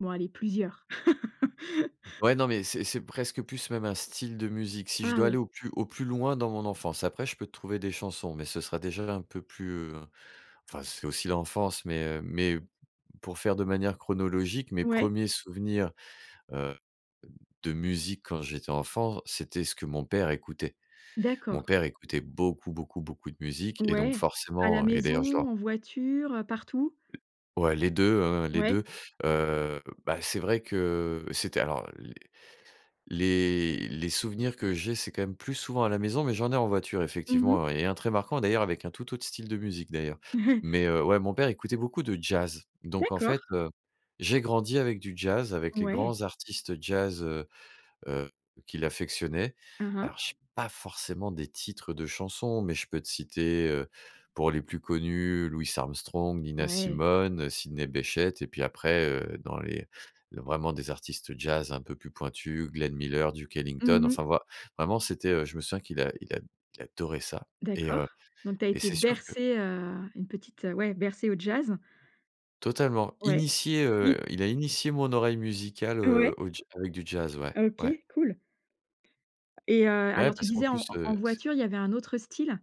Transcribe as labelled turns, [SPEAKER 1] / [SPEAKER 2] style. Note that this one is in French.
[SPEAKER 1] Bon, allez, plusieurs.
[SPEAKER 2] Ouais, non, mais c'est c'est presque plus même un style de musique, si je
[SPEAKER 1] Ah
[SPEAKER 2] dois aller
[SPEAKER 1] oui.
[SPEAKER 2] au plus au plus loin dans mon enfance. Après, je peux te trouver des chansons, mais ce sera déjà un peu plus, heu, enfin, c'est aussi l'enfance, mais heu, mais p p pour faire de manière chronologique, mes
[SPEAKER 1] Ouais.
[SPEAKER 2] premiers souvenirs, heu, d de musique quand j'étais enfant, c'était ce que mon père écoutait. Mon
[SPEAKER 1] D'accord.
[SPEAKER 2] père écoutait beaucoup, beaucoup, beaucoup de musique et donc
[SPEAKER 1] Ouais, à la
[SPEAKER 2] forcément et d'ailleurs, je
[SPEAKER 1] maison?
[SPEAKER 2] dois
[SPEAKER 1] En voiture? Heu, partout?
[SPEAKER 2] Ouais les 2, hein, les
[SPEAKER 1] Ouais.
[SPEAKER 2] 2. Heu, bah, c'est vrai que c'était alors, les les les souvenirs que j'ai, c'est, quand même, plus souvent à la maison, mais j'en ai en voiture,
[SPEAKER 1] Mmh mh.
[SPEAKER 2] effectivement, et 1 très marquant, d'ailleurs, avec un tout autre style de musique, d'ailleurs. Mais heu, ouais, mon père écoutait beaucoup de jazz. Donc, en fait,
[SPEAKER 1] D'accord.
[SPEAKER 2] heu, j'ai grandi avec du jazz, avec les
[SPEAKER 1] Ouais.
[SPEAKER 2] grands artistes jazz, heu, heu, qu'il affectionnait.
[SPEAKER 1] Hein, hein.
[SPEAKER 2] Alors, j'ai pas forcément des titres de chansons, mais je peux te citer, heu, pour les plus connus, Louis Armstrong, Nina
[SPEAKER 1] Ouais.
[SPEAKER 2] Simone, Sydney Bechet et puis, après, heu, dans les l vraiment des artistes jazz un peu plus pointus, Glen Miller, Duke Ellington.
[SPEAKER 1] Mmh mh.
[SPEAKER 2] Enfin, voil vraiment, c'était, heu, je me souviens qu'il a il ad il adorait ça et
[SPEAKER 1] D'accord,
[SPEAKER 2] heu,
[SPEAKER 1] donc tu as
[SPEAKER 2] et
[SPEAKER 1] été
[SPEAKER 2] c'est sûr que
[SPEAKER 1] bercé, heu, une petite ouais, bercé au jazz.
[SPEAKER 2] Totalement.
[SPEAKER 1] Ouais.
[SPEAKER 2] Initié,
[SPEAKER 1] Mi
[SPEAKER 2] heu, il a initié mon oreille musicale,
[SPEAKER 1] Ouais.
[SPEAKER 2] heu, au ja avec du jazz, ouais. Ouais.
[SPEAKER 1] OK, cool. Et heu,
[SPEAKER 2] Beh, ouais
[SPEAKER 1] alors, tu
[SPEAKER 2] parce qu'en
[SPEAKER 1] disais en e
[SPEAKER 2] plus,
[SPEAKER 1] en
[SPEAKER 2] heu, c
[SPEAKER 1] voiture, il y avait un autre style?